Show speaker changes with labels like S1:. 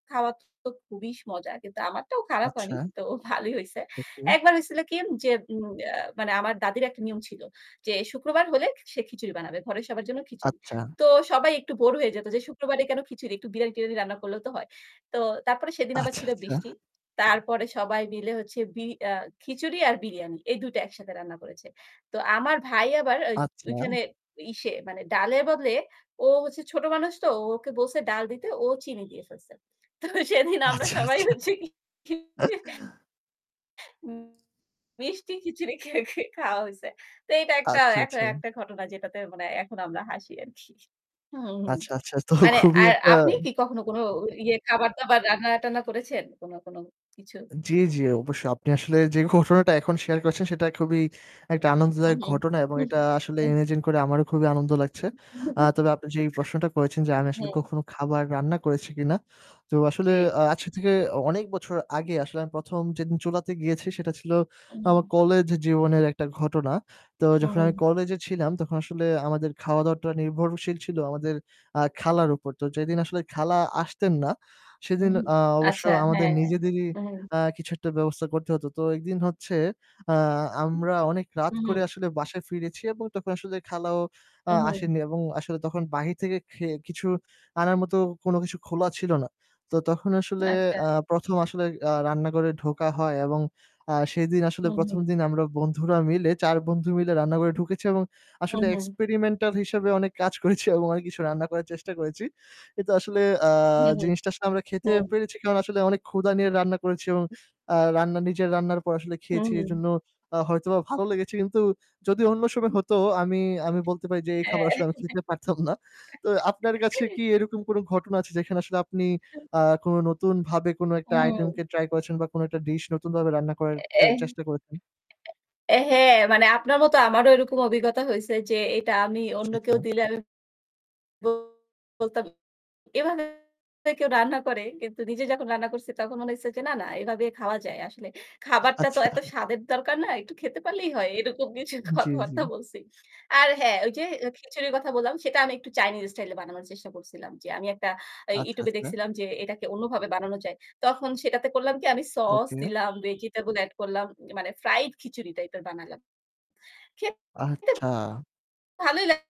S1: খাওয়ার তো খুবই স মজা। কিন্তু আমারটাও খারাপ হয়নি,
S2: আচ্ছা।
S1: তো ভালোই হইছে।
S2: ওকে।
S1: একবার হইছিল কি? যে উম অ্যা মানে আমার দাদীর একটা নিয়ম ছিল, যে শুক্রবার হলে সে খিচুড়ি বানাবে, ঘরের সবার জন্য খিচুড়ি।
S2: আচ্ছা।
S1: তো সবাই একটু বোর হয়ে যেত যে শুক্রবারে কেনো খিচুড়ি? একটু বিরিয়ানি-টিরিয়ানি রান্না করলেও তো হয়। তো তারপরে সেদিন আবার
S2: আচ্ছা,
S1: ছিল
S2: আচ্ছা।
S1: বৃষ্টি। তারপরে সবাই মিলে হচ্ছে বি আ খিচুড়ি আর বিরিয়ানি এই ২ টা একসাথে রান্না করেছে। তো আমার ভাই আবার আচ
S2: আচ্ছা।
S1: ওইখানে ইসে মানে ডালের বদলে ও হচ্ছে ছোট মানুষ তো। ওকে বলছে, ডাল দিতে, ও চিনি দিয়ে ফেলছে। তো সেদিন আমরা
S2: আচ্ছা,
S1: সবাই
S2: আচ্ছা।
S1: হচ্ছে কি মিষ্টি খিচুড়ি খে খে খাওয়া হয়েছে। তো এইটা একটা
S2: আচ্ছা,
S1: এক
S2: আচ্ছা।
S1: একটা ঘটনা যেটাতে মানে এখন আমরা হাসি আরকি। হুম, হুম।
S2: আচ্ছা, আচ্ছা। তো
S1: মানে
S2: খুবই
S1: আর
S2: একটা
S1: আপনি কি কখনো কোনো ইয়ে খাবার-দাবার রান্না-টান্না করেছেন কোনো, কোনো কিছু?
S2: জি, জি, অবশ্যই। আপনি আসলে যে ঘটনাটা এখন শেয়ার করেছেন সেটা খুবই
S1: হু,
S2: একটা
S1: হুম,
S2: আনন্দদায়ক ঘটনা এবং
S1: হু
S2: এটা আসলে
S1: এহ
S2: imagine করে আমারও খুবই আনন্দ লাগছে। আ তবে আপনি যেই প্রশ্নটা করেছেন যে আমি
S1: [unintelligible]
S2: আসলে
S1: হুম।
S2: কখনো খাবার রান্না করেছি কিনা? তো আসলে
S1: জি।
S2: আ আজকে থেকে অ অনেক বছর আগে আসলে আমি ১ম যেদিন চুলাতে গিয়েছি সেটা ছিল আমার
S1: উ
S2: কলেজ জীবনের একটা ঘটনা। তো যখন আমি
S1: উ
S2: কলেজে ছিলাম তখন আসলে আমাদের খাওয়া-দাওয়াটা নির্ভরশীল ছিল আমাদের আ খালার উপর। তো যেদিন আসলে খালা আসতেন না
S1: হু,
S2: সেদিন
S1: হু।
S2: আ অবশ্য
S1: আচ্ছা,
S2: আমাদের
S1: হ্যাঁ, হ্যাঁ।
S2: নিজেদেরই
S1: উহু।
S2: আ কিছু একটা ব্যবস্থা করতে হতো। তো একদিন হচ্ছে, আ আমরা অনেক রাত করে
S1: উহু।
S2: আসলে বাসায় ফিরেছি এবং তখন আসলে খালাও আ
S1: উহু।
S2: আসেনি এবং আসলে তখন বাহির থেকে খেয়ে কিছু আনার মতো কোনো কিছু খোলা ছিল না। তো তখন আসলে
S1: আচ্ছা।
S2: আ ১ম আসলে আ রান্না ঘরে ঢোকা হয় এবং আ সেদিন আসলে ১ম
S1: উহু।
S2: দিন আমরা বন্ধুরা মিলে ৪ বন্ধু মিলে রান্নাঘরে ঢুকেছি এবং আসলে
S1: উহু।
S2: experimental হিসেবে অনেক কাজ করেছি এবং অনেক কিছু রান্না করার চেষ্টা করেছি। কিন্তু আসলে আ
S1: হু, হু,
S2: জিনিসটা আসলে আমরা খেতে
S1: হু।
S2: পেরেছি কারণ আসলে অনেক ক্ষুধা নিয়ে রান্না করেছি এবং আ রান্না নিজের রান্নার পর আসলে খেয়েছি।
S1: উহু।
S2: এজন্য আ হয়তোবা ভালো লেগেছে। কিন্তু যদি অন্য সময় হতো আমি, আমি বলতে পারি যে এই খাবার
S1: হ্যাঁ।
S2: আসলে আমি খেতে পারতাম না। তো আপনার কাছে কি এরকম কোনো ঘটনা আছে যেখানে আসলে আপনি আ কোনো নতুনভাবে কোনো একটা item
S1: উ
S2: কে try করেছেন বা কোনো একটা dish নতুনভাবে রান্না করার try
S1: [unintelligible]
S2: চেষ্টা করেছেন?
S1: এহে মানে আপনার মতো আমারও এরকম অভিজ্ঞতা হইছে যে এটা আমি
S2: আচ্ছা,
S1: অন্য
S2: আচ্ছা।
S1: কেউ দিলে আমি বলতাম এভাবে কেউ রান্না করে? কিন্তু নিজে যখন রান্না করছি তখন মনে হয়েছে যে না, না এভাবে খাওয়া যায়। আসলে
S2: আ
S1: খাবারটা তো
S2: আচ্ছা।
S1: এত স্বাদের দরকার না, একটু খেতে পারলেই হয়। এরকম কিছু
S2: জি, জি।
S1: কথাবার্তা বলছি। আর হ্যাঁ, ওই যে অ্যা খিচুড়ির কথা বললাম সেটা আমি একটু চাইনিজ স্টাইলে বানানোর চেষ্টা করছিলাম। যে আমি একটা আ
S2: আচ্ছা,
S1: YouTube এ
S2: আচ্ছা।
S1: দেখছিলাম যে এটাকে অন্যভাবে বানানো যায়। তখন সেটাতে করলাম কি আমি sauce
S2: ওকে।
S1: দিলাম, vegetable add করলাম মানে fried খিচুড়ি type এর বানালাম। খেতে
S2: আচ্ছা।
S1: ভালোই লা